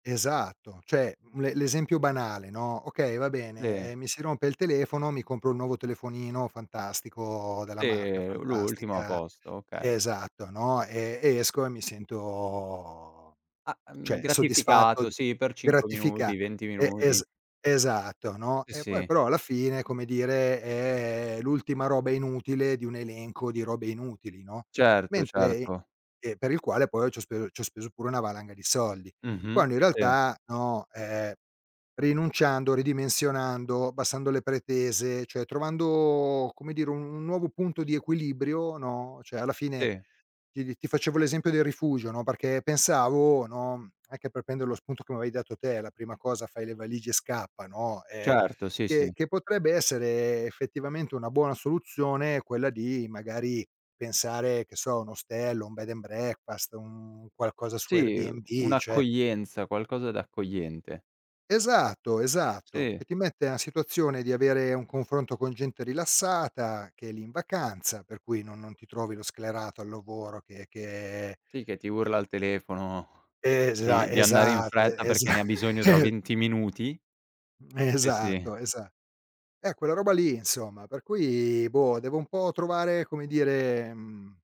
Esatto, cioè l'e l'esempio banale, no, okay, va bene, Ve mi si rompe il telefono, mi compro un nuovo telefonino fantastico, della marca Sì, l'ultimo, a fantastica. posto, okay. Esatto, no, ehm, e esco, e mi sento Ah, mhmm, cioè, soddisfatto, gratificato, sì, per 5 gratifica minuti, 20 e es minuti. esatto, no, I e poi sì. però, alla fine, come dire, è l'ultima roba inutile, di un elenco di robe inutili, no. Certo, Mentre certo. ehm, per il quale, poi ci ho speso ci ho speso pure una valanga di soldi. Mh-mh, Quando in sì. realtà, no, ehm, rinunciando, ridimensionando, abbassando le pretese, cioè, trovando, come dire, un nuovo punto di equilibrio, no, cioè alla fine, Sì. ti ti ti facevo l'esempio del rifugio, no, perché pensavo, no, anche per prender lo spunto che mi avevi dato te, la prima cosa, fai le valigie e scappa, no, ehm, Certo sì, che sì. che potrebbe essere effettivamente una buona soluzione, quella di magari pensare, che so, a un ostello, un bed and breakfast, un qualcosa su Sì, Airbnb, cioè un'accoglienza, qualcosa d'accogliente. Esatto, esatto, Sì. che ti mette a situazione di avere un confronto con gente rilassata, che è lì in vacanza, per cui non non ti trovi lo sclerato al lavoro che che Sì, che ti urla al telefono, Esa di di andare in esatto, fretta, e perché esa ne ha bisogno tra 20 minuti. Mhmm, Sì, sì. esatto, esa eh, quella roba lì insomma, per cui, boh, devo un po' trovare, come dire, mhmm